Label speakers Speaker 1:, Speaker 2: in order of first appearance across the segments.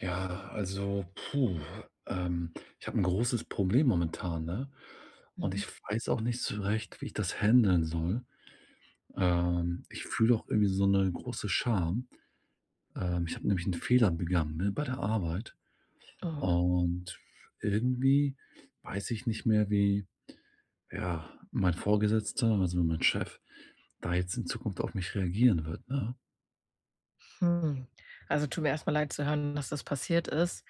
Speaker 1: Ja, also, puh. Ähm, ich habe 'n großes Problem momentan, ne? Und
Speaker 2: Mhm.
Speaker 1: ich weiß auch nicht so recht, wie ich das händeln soll. Ähm, ich fühle auch irgendwie so 'ne große Scham. Ähm, ich habe nämlich 'n Fehler begangen, ne, bei der Arbeit.
Speaker 2: Aha.
Speaker 1: Und irgendwie weiß ich nicht mehr, wie, ja, mein Vorgesetzter, also, mein Chef da jetzt in Zukunft auf mich reagieren wird, ne?
Speaker 2: Hm. Also, tut mir erst mal leid zu hören, dass das passiert ist.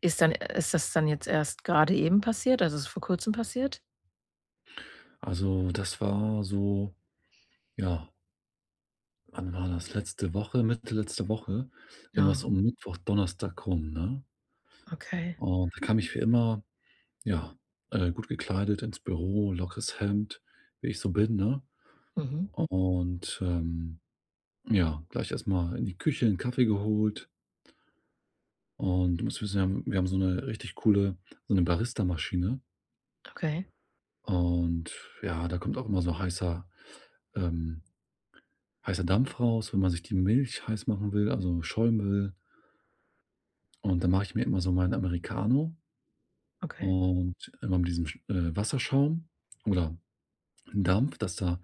Speaker 2: Ist dann ist das dann jetzt erst grade eben passiert also, ist es vor Kurzem passiert?
Speaker 1: Also, das war so ja. Wann war das? Letzte Woche, Mitte letzte Woche wenn war's
Speaker 2: Ja.
Speaker 1: um Mittwoch, Donnerstag rum, ne?
Speaker 2: Okay.
Speaker 1: Und da kam ich wie immer, ja, äh, gut gekleidet ins Büro, lockeres Hemd, wie ich so bin, ne?
Speaker 2: Mhm.
Speaker 1: Und, ähm, ja, gleich erst mal in die Küche, 'n Kaffee geholt. Und du musst wissen, wir haben wir haben so 'ne richtig coole, so 'ne Baristamaschine.
Speaker 2: Okay.
Speaker 1: Und ja, da kommt auch immer so heißer ähm, heißer Dampf raus, wenn man sich die Milch heiß machen will, also, Schaum will. Und da mache ich mir immer so meinen Americano.
Speaker 2: Okay.
Speaker 1: Und immer mit diesem sch äh, Wasserschaum oder Dampf, dass da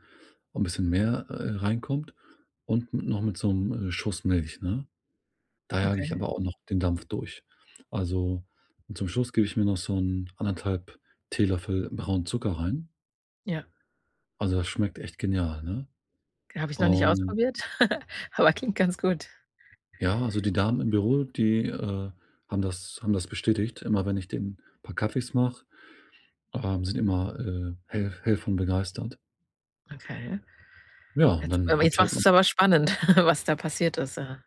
Speaker 1: auch 'n bisschen mehr, äh, reinkommt und noch mit so 'nem, äh, Schuss Milch, ne? Da jage ich aber auch
Speaker 2: Okay.
Speaker 1: noch den Dampf durch. Also, zum Schluss gebe ich mir noch so 'n 1 1/2 Teelöffel braunen Zucker rein.
Speaker 2: Ja.
Speaker 1: Also, das schmeckt echt genial, ne?
Speaker 2: Habe ich noch nicht
Speaker 1: Und
Speaker 2: ausprobiert, aber klingt ganz gut.
Speaker 1: Ja, also, die Damen im Büro, die, äh, haben das haben das bestätigt. Immer wenn ich denen paar Kaffees mache, ähm, sind immer, äh, hell hell von begeistert.
Speaker 2: Okay.
Speaker 1: Ja, und
Speaker 2: Jetzt
Speaker 1: dann
Speaker 2: aber
Speaker 1: habe
Speaker 2: jetzt
Speaker 1: ich halt
Speaker 2: machst
Speaker 1: ma
Speaker 2: du's aber spannend, was da passiert ist, äh.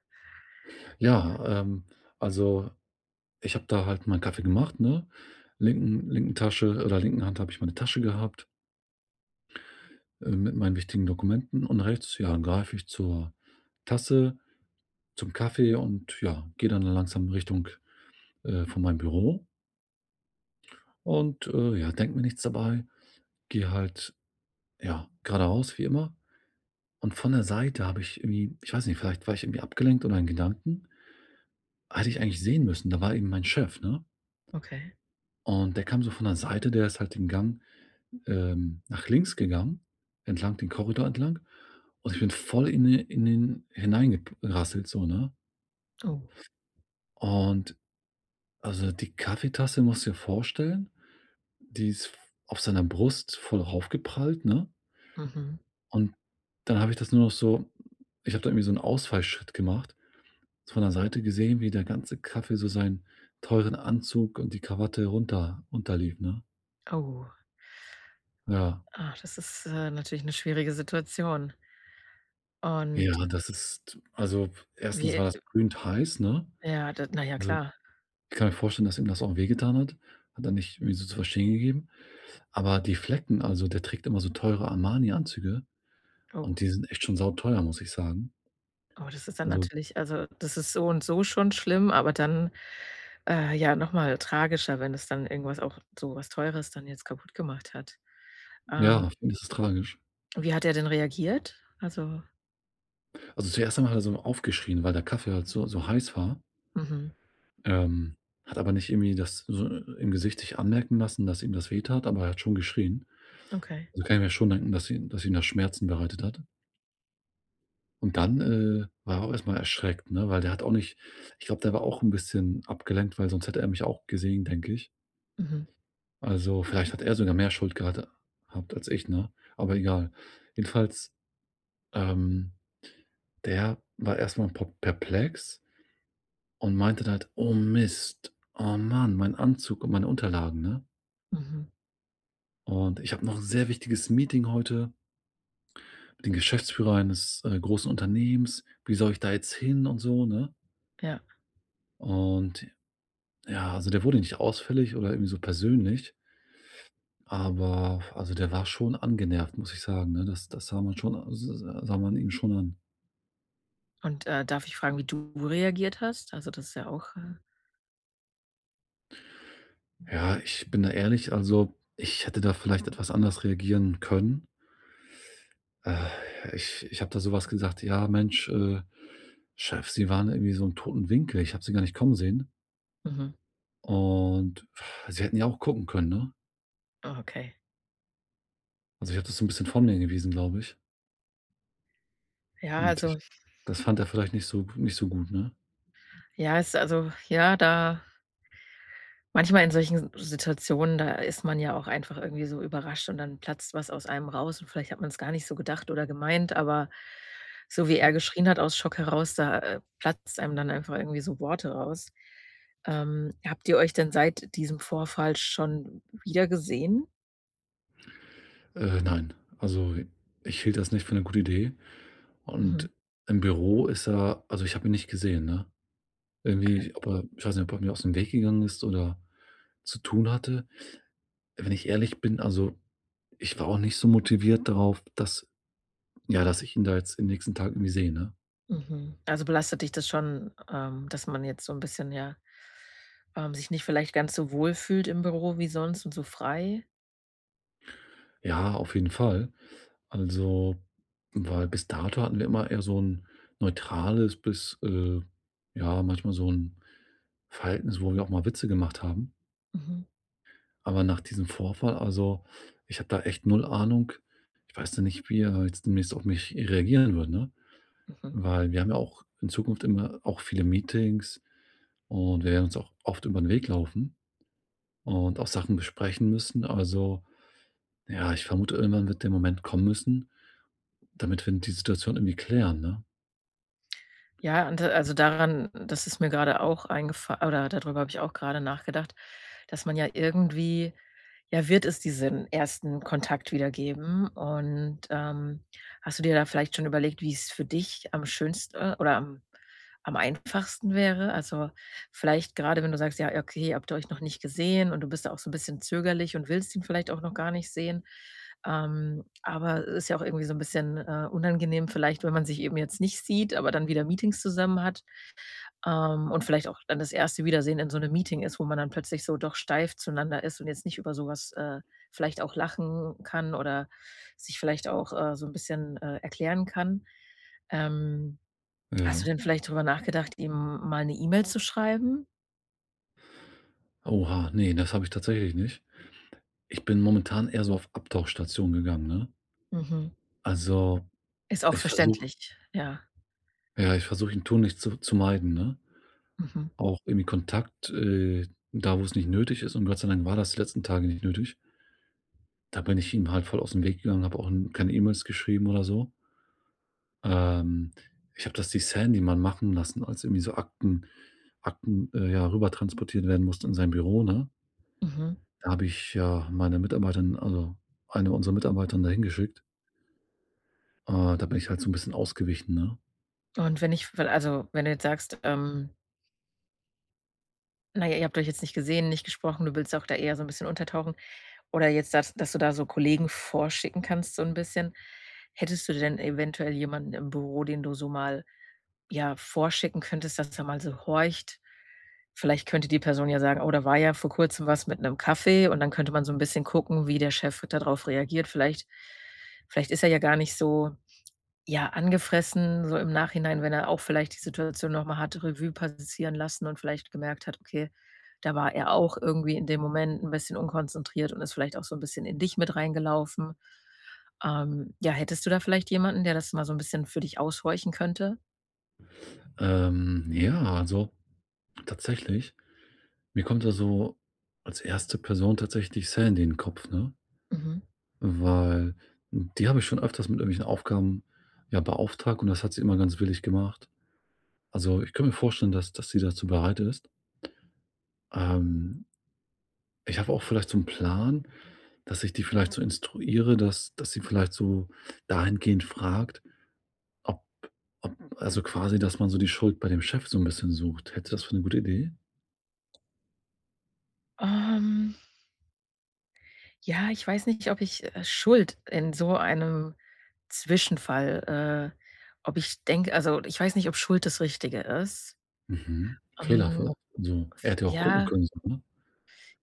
Speaker 1: Ja, ähm, also, ich habe da halt meinen Kaffee gemacht, ne? Linken linken Tasche oder linken Hand habe ich meine Tasche gehabt. Äh, mit meinen wichtigen Dokumenten. Und rechts, ja, greife ich zur Tasse zum Kaffee und ja, gehe dann langsam Richtung, äh, von meinem Büro. Und, äh, ja, denke mir nichts dabei. Gehe halt, ja, geradeaus wie immer und von der Seite habe ich irgendwie, ich weiß nicht, vielleicht war ich irgendwie abgelenkt oder in Gedanken hätte ich eigentlich sehen müssen, da war eben mein Chef, ne?
Speaker 2: Okay.
Speaker 1: Und der kam so von der Seite, der ist halt den Gang, ähm, nach links gegangen. Entlang den Korridor entlang und ich bin voll in de in den hineingek rasselt so, ne?
Speaker 2: Oh.
Speaker 1: Und also, die Kaffeetasse, musst dir vorstellen, die ist f auf seiner Brust voll aufgeprallt, ne?
Speaker 2: Mhm.
Speaker 1: Und dann habe ich das nur noch so ich habe da irgendwie so 'n Ausfallschritt gemacht, so von der Seite gesehen, wie der ganze Kaffee so seinen teuren Anzug und die Kawatte runter unterlief, ne?
Speaker 2: Oh.
Speaker 1: Ja.
Speaker 2: Ah, das ist, äh, natürlich 'ne schwierige Situation. Und
Speaker 1: Ja, das ist also,
Speaker 2: Wie,
Speaker 1: erstens war das
Speaker 2: äh
Speaker 1: brühend heiß, ne?
Speaker 2: Ja, da na ja,
Speaker 1: Also,
Speaker 2: klar.
Speaker 1: ich kann mir vorstellen, dass ihm das auch wehgetan hat, hat er nicht irgendwie so zu verstehen gegeben. Aber die Flecken also, der trägt immer so teure Armani-Anzüge und
Speaker 2: Oh.
Speaker 1: die sind echt schon sauteuer, muss ich sagen,
Speaker 2: Oh, das ist dann
Speaker 1: also
Speaker 2: natürlich also, das ist so und so schon schlimm, aber dann, äh, ja noch mal tragischer, wenn es dann irgendwas auch so was Teures dann jetzt kaputt gemacht hat. Ähm
Speaker 1: Ja, finde ich, ist tragisch.
Speaker 2: Wie hat er denn reagiert? Also
Speaker 1: Also zuerst einmal hat er so aufgeschrien, weil der Kaffee halt so so heiß war
Speaker 2: Mhm.
Speaker 1: ähm, hat aber nicht irgendwie das so im Gesicht sich anmerken lassen, dass ihm das weh tat, aber er hat schon geschrien.
Speaker 2: Okay.
Speaker 1: Also kann ich mir schon denken, dass ihm dass ihm das Schmerzen bereitet hat. Und dann, äh, war er auch erst mal erschreckt, ne, weil der hat auch nicht ich glaube, der war auch 'n bisschen abgelenkt, weil sonst hätte er mich auch gesehen, denke ich.
Speaker 2: Mhm.
Speaker 1: Also vielleicht hat er sogar mehr Schuld gehat habt als ich, ne? Aber egal. Jedenfalls, ähm, der war erst mal pa perplex und meinte dann halt: „Oh Mist, oh Mann, mein Anzug und meine Unterlagen!“, ne?
Speaker 2: Mhm.
Speaker 1: „Und ich habe noch 'n sehr wichtiges Meeting heute“ „mit dem Geschäftsführer eines, äh, großen Unternehmens. Wie soll ich da jetzt hin und so?“, ne?
Speaker 2: Ja.
Speaker 1: Und j ja, also der wurde nicht ausfällig oder irgendwie so persönlich aber also der war schon angenervt, muss ich sagen, ne? Das das sah man schon a s sah man ihm schon an.
Speaker 2: Und, äh, darf ich fragen, wie du reagiert hast? Also das ist ja auch, äh
Speaker 1: Ja, ich bin da ehrlich, also ich hätte da vielleicht etwas anders reagieren können. ich ich habe da so was gesagt: „Ja, Mensch, äh, Chef, sie waren irgendwie so 'n toten Winkel. Ich habe sie gar nicht kommen sehen“
Speaker 2: Mhm.
Speaker 1: „und sie hätten ja auch gucken können, ne?“
Speaker 2: Okay.
Speaker 1: Also ich habe das so 'n bisschen von mir gewiesen, glaube ich
Speaker 2: Ja,
Speaker 1: und
Speaker 2: also
Speaker 1: ich das fand er vielleicht nicht so nicht so gut, ne?
Speaker 2: Ja, ist also ja, da manchmal in solchen S Situationen, da ist man ja auch einfach irgendwie so überrascht und dann platzt was aus einem raus und vielleicht hat man's gar nicht so gedacht oder gemeint, aber so wie er geschrien hat aus Schock heraus, da, äh, platzt einem dann einfach irgendwie so Worte raus. Ähm, habt ihr euch denn seit diesem Vorfall schon wiedergesehen?
Speaker 1: Äh, nein, also ich hielt das nicht für 'ne gute Idee
Speaker 2: Mhm.
Speaker 1: und im Büro ist er also ich habe ihn nicht gesehen, ne?
Speaker 2: Okay.
Speaker 1: Irgendwie, ob er ich weiß nicht, ob er mir ausm Weg gegangen ist oder zu tun hatte. Wenn ich ehrlich bin, also, ich war auch nicht so motiviert drauf, dass ja, dass ich ihn da jetzt im nächsten Tag irgendwie sehe, ne?
Speaker 2: Mhm. Also, belastet dich das schon, ähm, dass man jetzt so 'n bisschen ja ähm, sich nicht vielleicht ganz so wohl fühlt im Büro wie sonst und so frei?
Speaker 1: Ja, auf jeden Fall. Also, weil bis dato, hatten wir immer eher so 'n neutrales bis, äh ja manchmal so 'n Verhalten s wo wir auch mal Witze gemacht haben.
Speaker 2: Mhm.
Speaker 1: Aber nach diesem Vorfall also, ich habe da echt 0 Ahnung. Ich weiß noch nicht, wie er jetzt demnächst auf mich reagieren wird, ne?
Speaker 2: Mhm.
Speaker 1: Weil wir haben ja auch in Zukunft immer auch viele Meetings und wir werden uns auch oft über 'n Weg laufen und auch Sachen besprechen müssen. Also, ja, ich vermute, irgendwann wird der Moment kommen müssen, damit wir die Situation irgendwie klären, ne?
Speaker 2: Ja, ante also, daran das ist mir gerade auch eingefa oder dadrüber habe ich auch grade nachgedacht, dass man ja irgendwie ja, wird es diesen 1. Kontakt wieder geben, und, ähm, hast du dir da vielleicht schon überlegt, wie's für dich am schönste oder am am einfachsten wäre? Also, vielleicht grade, wenn du sagst: „Ja, okay“, habt ihr euch noch nicht gesehen und du bist da auch so 'n bisschen zögerlich und willst ihn vielleicht auch noch gar nicht sehen, ähm, aber ist ja auch irgendwie so 'n bisschen, äh, unangenehm vielleicht, wenn man sich eben jetzt nicht sieht, aber dann wieder Meetings zusammen hat, ähm, und vielleicht auch dann das erste Wiedersehen in so 'nem Meeting ist, wo man dann plötzlich so doch steif zueinander ist und jetzt nicht über so was, äh, vielleicht auch lachen kann oder sich vielleicht auch, äh, so 'n bisschen, äh, erklären kann. Ähm, hast du
Speaker 1: Ja.
Speaker 2: denn vielleicht drüber nachgedacht, ihm mal 'ne E-Mail zu schreiben?
Speaker 1: Oha. Ne, das habe ich tatsächlich nicht. Ich bin momentan eher so auf Abtauchstation gegangen, ne?
Speaker 2: Mhm.
Speaker 1: Also,
Speaker 2: Ist auch
Speaker 1: ich versuche
Speaker 2: verständlich, ja.
Speaker 1: ja, ich versuche ich ihn tunlich zu zu meiden, ne?
Speaker 2: Mhm.
Speaker 1: Auch irgendwie Kontakt äh, da wo's nicht nötig ist und Gott sei Dank war das die letzten Tage nicht nötig da bin ich ihm halt voll aus'm Weg gegangen, habe auch, hm, keine E-Mails geschrieben oder so. Ähm, ich habe das die Sandy mal machen lassen, als irgendwie so Akten Akten, äh, ja, rüber transportiert werden mussten in sein Büro, ne?
Speaker 2: Mhm.
Speaker 1: Da habe ich, ja, meine Mitarbeiterin also, eine unserer Mitarbeiterinnen da hingeschickt. Äh, da bin ich halt so 'n bisschen ausgewichen, ne?
Speaker 2: Und wenn ich f also, wenn du jetzt sagst, ähm Na ja, ihr habt euch jetzt nicht gesehen, nicht gesprochen. Du willst auch da eher so 'n bisschen untertauchen. Oder jetzt dass dass du da so Kollegen vorschicken kannst so 'n bisschen, hättest du denn eventuell jemanden im Büro, den du so mal, ja, vorschicken könntest, dass er mal so horcht? Vielleicht könnte die Person ja sagen: „Oh, da war ja vor Kurzem was mit 'nem Kaffee“, und dann könnte man so 'n bisschen gucken, wie der Chef da drauf reagiert. Vielleicht vielleicht ist er ja gar nicht so, ja, angefressen so im Nachhinein, wenn er auch vielleicht die Situation noch mal hat Revue passieren lassen und vielleicht gemerkt hat: „Okay, da war er auch irgendwie in dem Moment 'n bisschen unkonzentriert und ist vielleicht auch so 'n bisschen in dich mit reingelaufen.“ Ähm, ja, hättest du da vielleicht jemanden, der das mal so 'n bisschen für dich aushorchen könnte?
Speaker 1: Ähm, ja, also tatsächlich. Mir kommt da so als 1. Person tatsächlich Sandy in Kopf, ne
Speaker 2: Mhm.
Speaker 1: weil, n die habe ich schon öfters mit irgendwelchen Aufgaben, ja, beauftragt und das hat sie immer ganz willig gemacht. Also, ich könnte mir vorstellen, dass dass sie dazu bereit ist. Ähm ich habe auch vielleicht so 'n Plan, dass ich die vielleicht so instruiere, dass dass sie vielleicht so dahingehend fragt, ob ob also quasi, dass man so die Schuld bei dem Chef so 'n bisschen sucht. Hältst du das für 'ne gute Idee?
Speaker 2: Ähm ja, ich weiß nicht, ob ich, äh, Schuld in so einem Zwischenfall äh, ob ich denke also ich weiß nicht, ob Schuld das Richtige ist.
Speaker 1: Mhm,
Speaker 2: Ähm,
Speaker 1: Fehlerverlauf? So er
Speaker 2: f
Speaker 1: hätte ja auch gucken
Speaker 2: ja
Speaker 1: können, so, ne?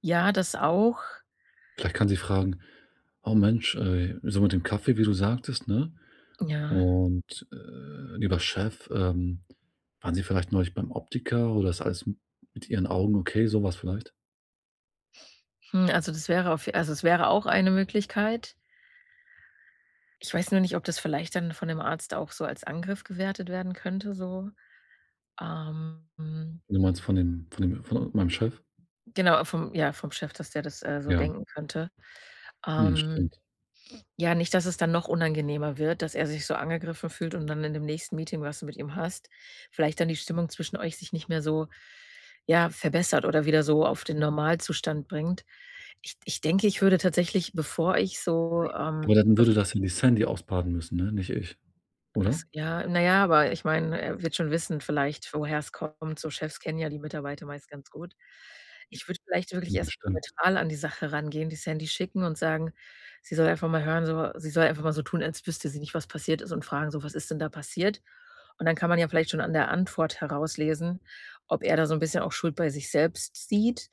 Speaker 2: ja, das auch
Speaker 1: Vielleicht kann sie fragen: „Oh Mensch, ey“ so mit dem Kaffee, wie du sagtest, ne?
Speaker 2: Ja.
Speaker 1: Und, äh: „Lieber Chef, ähm, waren sie vielleicht neulich beim Optiker oder ist alles mit ihren Augen okay?“, so was vielleicht?
Speaker 2: Hm, also, das wäre auf also, es wäre auch eine Möglichkeit. Ich weiß nur nicht, ob das vielleicht dann von dem Arzt auch so als Angriff gewertet werden könnte so, ähm, mhm.
Speaker 1: Du meinst von dem von dem von meinem Chef?
Speaker 2: Genau, vom ja, vom Chef, dass der das, äh, so
Speaker 1: Ja.
Speaker 2: denken könnte.
Speaker 1: Mhm.
Speaker 2: Ähm,
Speaker 1: Stimmt.
Speaker 2: ja, nicht, dass es dann noch unangenehmer wird, dass er sich so angegriffen fühlt und dann in dem nächsten Meeting, was du mit ihm hast, vielleicht dann die Stimmung zwischen euch sich nicht mehr so ja, verbessert oder wieder so auf den Normalzustand bringt. Ich ich denke, ich würde tatsächlich, bevor ich so, ähm,
Speaker 1: Aber dann
Speaker 2: bef
Speaker 1: würde das ja die Sandy ausbaden müssen, ne, nicht ich,
Speaker 2: Ach s
Speaker 1: oder?
Speaker 2: ja, na ja, weil ich meine, er wird schon wissen vielleicht, woher es kommt. So Chefs kennen ja die Mitarbeiter meist ganz gut. Ich würde vielleicht wirklich
Speaker 1: Mhm,
Speaker 2: erst
Speaker 1: stimmt.
Speaker 2: neutral an die Sache rangehen, die Sandy schicken und sagen, sie soll einfach mal hören so sie soll einfach mal so tun, als wüsste sie nicht, was passiert ist und fragen so: „Was ist denn da passiert?“. Und dann kann man ja vielleicht schon an der Antwort herauslesen, ob er da so 'n bisschen auch Schuld bei sich selbst sieht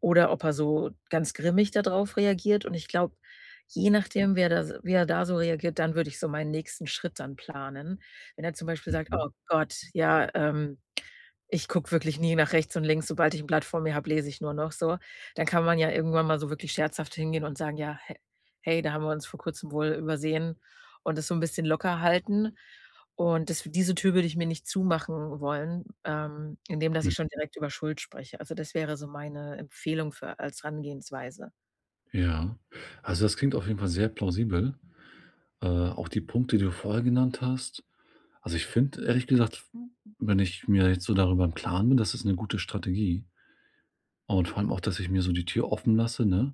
Speaker 2: oder ob er so ganz grimmig dadrauf reagiert. Und ich glaube, je nachdem, wer da s wie er da so reagiert, dann würde ich so meinen nächsten Schritt dann planen. Wenn er zum Beispiel sagt:
Speaker 1: Mhm.
Speaker 2: „Oh Gott, ja, ähm, ich gucke wirklich nie nach rechts und links, sobald ich 'n Blatt vor mir habe, lese ich nur noch“, so. Dann kann man ja irgendwann mal so wirklich scherzhaft hingehen und sagen, ja: „He hey, da haben wir uns vor Kurzem wohl übersehen“, und das so 'n bisschen locker halten. Und das diese Tür würde ich mir nicht zumachen wollen, ähm, indem dass ich schon
Speaker 1: Mhm.
Speaker 2: direkt über Schuld spreche. Also, das wäre so meine Empfehlung für als Herangehensweise.
Speaker 1: Ja. Also, das klingt auf jeden Fall sehr plausibel, äh, auch die Punkte, die du vorher genannt hast. Also, ich finde ehrlich gesagt, w wenn ich mir jetzt so darüber im Klaren bin, das ist 'ne gute Strategie. Und vor allem auch, dass ich mir so die Tür offen lasse, ne?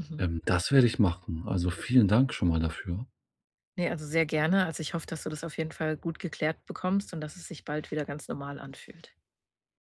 Speaker 2: Mhm.
Speaker 1: Ähm, das werde ich machen. Also, vielen Dank schon mal dafür.
Speaker 2: Ne, also, sehr gerne. Also, ich hoffe, dass du das auf jeden Fall gut geklärt bekommst und dass es sich bald wieder ganz normal anfühlt.